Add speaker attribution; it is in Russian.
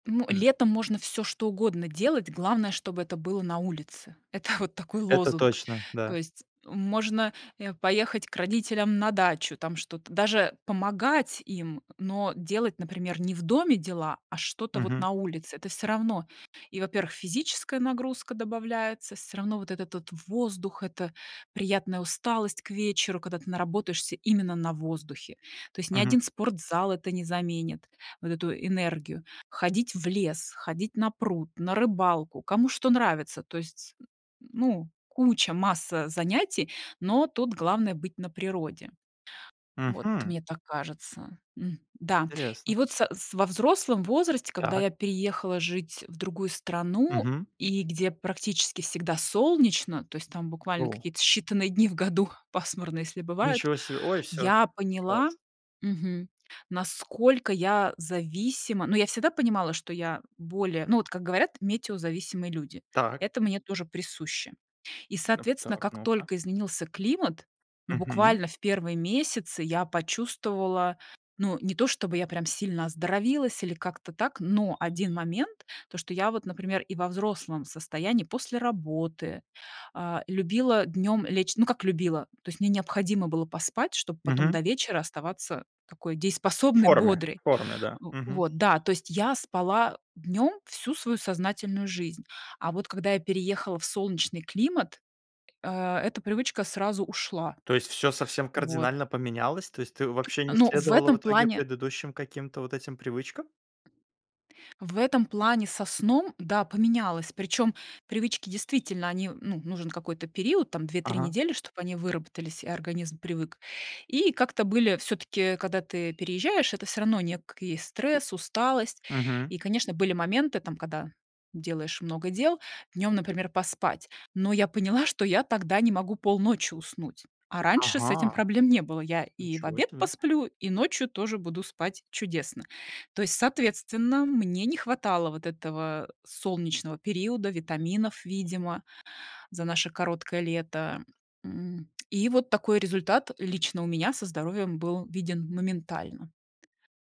Speaker 1: Ну,
Speaker 2: Хм.
Speaker 1: летом можно всё что угодно делать, главное, чтобы это было на улице. Это вот такой
Speaker 2: Это
Speaker 1: лозунг.
Speaker 2: точно,
Speaker 1: То
Speaker 2: да.
Speaker 1: есть, э, можно, э, поехать к родителям на дачу, там что-то даже помогать им, но делать, например, не в доме дела, а что-то вот
Speaker 2: Мгм.
Speaker 1: на улице. Это всё равно. И, во-первых, физическая нагрузка добавляется, всё равно вот этот вот воздух, это приятная усталость к вечеру, когда ты наработаешься именно на воздухе. То есть ни
Speaker 2: Мгм.
Speaker 1: один спортзал это не заменит вот эту энергию. Ходить в лес, ходить на пруд, на рыбалку, кому что нравится. То есть, н ну, куча, масса занятий, но тут главное- быть на природе. Вот
Speaker 2: Мгм.
Speaker 1: мне так кажется. М, да,
Speaker 2: Интересно.
Speaker 1: и вот са с во взрослом возрасте, когда
Speaker 2: Так.
Speaker 1: я переехала жить в другую страну,
Speaker 2: Мгм.
Speaker 1: и где практически всегда солнечно, то есть там буквально
Speaker 2: О.
Speaker 1: какие-то считанные дни в году пасмурно, если бывает,
Speaker 2: Ничего себе. Ой, всё.
Speaker 1: я поняла,
Speaker 2: Класс.
Speaker 1: мгм, насколько я зависима. Ну, я всегда понимала, что я более ну, вот как говорят, метеозависимые люди,
Speaker 2: Так.
Speaker 1: это мне тоже присуще. И,
Speaker 2: Так,
Speaker 1: соответственно,
Speaker 2: так,
Speaker 1: как
Speaker 2: ну-ка.
Speaker 1: только изменился климат, ну,
Speaker 2: Мгм.
Speaker 1: буквально в первые месяцы я почувствовала ну, не то чтобы я прям сильно оздоровилась или как-то так, но один момент- то, что я вот, например, и во взрослом состоянии после работы, э, любила днём лечь. Ну, как любила, то есть мне необходимо было поспать, чтобы потом
Speaker 2: Мгм.
Speaker 1: до вечера оставаться такой
Speaker 2: В
Speaker 1: дееспособной,
Speaker 2: форме,
Speaker 1: бодрой.
Speaker 2: в форме, да. Мгм.
Speaker 1: Вот да, то есть я спала днём всю свою сознательную жизнь, а вот когда я переехала в солнечный климат, э, эта привычка сразу ушла.
Speaker 2: То есть всё совсем
Speaker 1: Вот.
Speaker 2: кардинально поменялось? То есть ты вообще не
Speaker 1: Но в
Speaker 2: следовала в
Speaker 1: этом
Speaker 2: итоге
Speaker 1: плане
Speaker 2: предыдущим каким-то вот этим привычкам?
Speaker 1: в этом плане со сном, да, поменялось. Причём привычки действительно, они, ну, нужен какой-то период, там 2-3
Speaker 2: Ага.
Speaker 1: недели, чтоб они выработались, и организм привык. И как-то были всё-таки, когда ты переезжаешь, это всё равно некий стресс, усталость.
Speaker 2: Мгм.
Speaker 1: И, конечно, были моменты, там, когда делаешь много дел днём, например, поспать, но я поняла, что я тогда не могу полночи уснуть, а раньше с этим
Speaker 2: Ага.
Speaker 1: проблем не было. Я и в
Speaker 2: Ничего
Speaker 1: обед
Speaker 2: себе.
Speaker 1: посплю, и ночью тоже буду спать чудесно. То есть, соответственно, мне не хватало вот этого солнечного периода, витаминов, видимо, за наше короткое лето. М, и вот такой результат лично у меня со здоровьем был виден моментально.